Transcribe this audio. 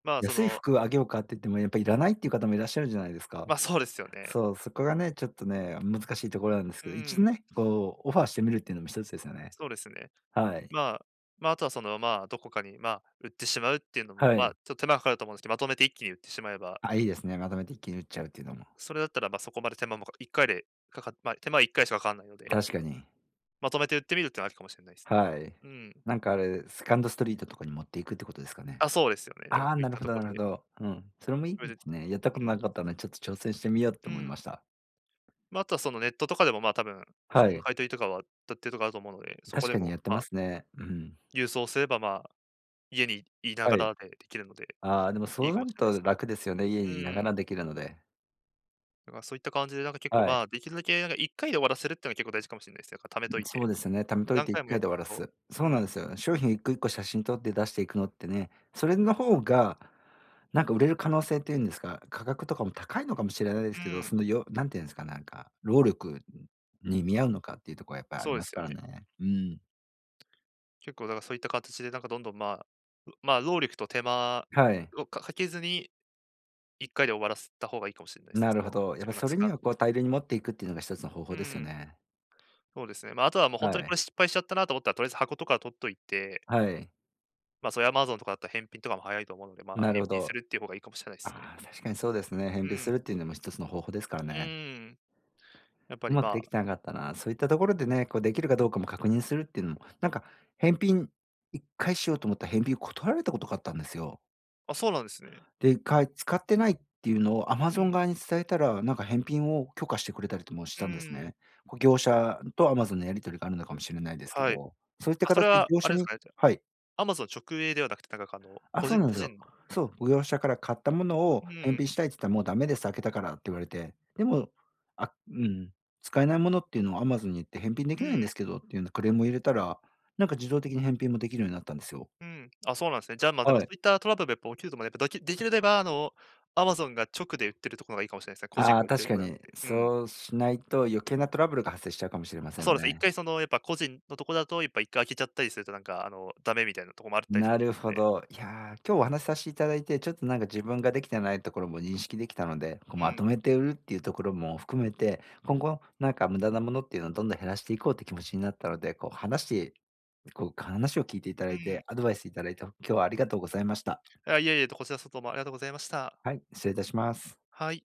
まあそ「安いの服、あげようか？」って言っても、やっぱ、「いらない」っていう方もいらっしゃるじゃないですか。ま、そうですよね。そう、そこがね、ちょっとね、あ、難しいところなんですうけど、一ー度ん。ね、こうオファーしてみるっていうのも一つですよね。そうですね。はい。まあ、ま、あとはその、まあ、どこかに、ま、売ってしまうっていうのも、はま、い。ちょっ、手間かかると思うんすけ、まとめて一気に売ってしまえばあ、いいですね。まとめて一気に売っちゃうっていうのも。それだったら、ま、そこまで手間もか1回で、かかま、手間、1回しかかわんないので確かに。まとめて売ってみるっては、ありかもしれないすね。はい。うん。なんかあれ、セカンドストリートとかに持っていくってことですかね？あ、そうですよね。だか、あそあ！ういっなるたほとど、こなるほでど、うん、それもいいそいでですね。やったことうなん。かったのでちょっと挑戦してみよううと思いん。ました。ま、あとは、その、ネットとかでも、ま、多分、は服のい。買い取りとかは、たってるとこあると思うので、そこ確でかにもやってまますね、うん。郵送すれば、まあ、家にいながはい。らでできるので、ああ、でもそいいうかなもるしれないとす。楽ですよね、家うにいながーらん。できるので。だからそういった感じで、なんか結構、はまい。あ、できるだけなんか1回で終わらせるっての結構大事かもしんないす、やっぱためとん、いて。そうですね、ためとい何ていっ回もかやいってで終わるらとす。うそうなん。んです、商品一個一個写真撮って出していくのってね、それの方がなんか売れる可能性っていうんですか、価格とかも高いのかもしれないでうすけど、ーん。そのよなんていうんすか、なんか、労力、ん、に見合うのかっていうとこはやっぱりありそうでますすよからね。ね、うん。結構、だからそういったかたちでなんかどんどん、まあ、うまあ、労力と手間はい。をかかけずに、1回で終わらせた方がいいかもしんないすね、なそるほの、ど。やっ自ぱ分がそつれにかはこう大量に持っていくっていうのが一つの方法うですよん。ね。そうですね。ま、あとはもうほんはとにこい。れ失敗しちゃったなと思ったら、とりあえず箱とか取っといてはい。ま、そういう、Amazon とかだった、返品とかも早いと思うので、まあ、なる返ほ品すど。るっていう方がいいかもしれないすね。ああ、確かにそうですね。返う品ん。するっていうのも一つの方法ですからうね。ーん。やっぱうりまくでまきあてなかったな、そういったところでね、こう、できるかどうかも確認するっていうの。なんか、返品、1回しようと思った返品断られたことがあったんですよ。あ、そうなんですね。で、1回、使ってないっていうのをう Amazon ん。側に伝えたら、なんか返品を許可してくれたりともしうんたうんですんうん。ね。こう、業者と Amazon のやり取りがあるのかもしれないですけはい。ど、そういったあ、かそたれちでは業あ者れですにかね、じゃ、はい。Amazon 直営ではなくて、だかかの、あ、個そう人なん個すよ。人のそう、業者から買ったものをう返ん。品したいつった、「もうダメです、開けたから」って言われて、でもあ、うん、使えないものっていうのを Amazon に言って、「返品でうきないんでん。すけど」っていうなクレームを入れたら、なんか自動的に返品もできるようになったんですよ。うん、あ、そうなんすね、じゃ、ま、でもはそい。ういったトラブルがやっぱ起きるとま、やっぱ、どきできれば、あの、Amazon が直で売ってるところがいいかもしれないすね、個人あであ、売ってる確とかこじゃなに。くて、うんうん。そうしないと余計なトラブルが発生しちゃうかもしれませあ、んそわうです。いっね。かいそのやっぱ、個人のとこだとやっぱ1回開けちゃったりするとなんか、あの、ダメみたいなとこもあるったりするなとるおも、ほで。ど。いや、今日お話さしていただいて、ちょっとなんか自分ができてないところも認識できたので、こ、うまとん。めて売るっていうところも含めて、今後なんか無駄なものっていうの、どんどん減らしていこうって気持ちになったので、こう、話しこう、話を聞いていただういて、ん。アドバイスいただいて、ほ今日はありがとうございました。あ、いえいえ、とこちらそと、ま、ありがとございました。はい、失礼いたします。はい。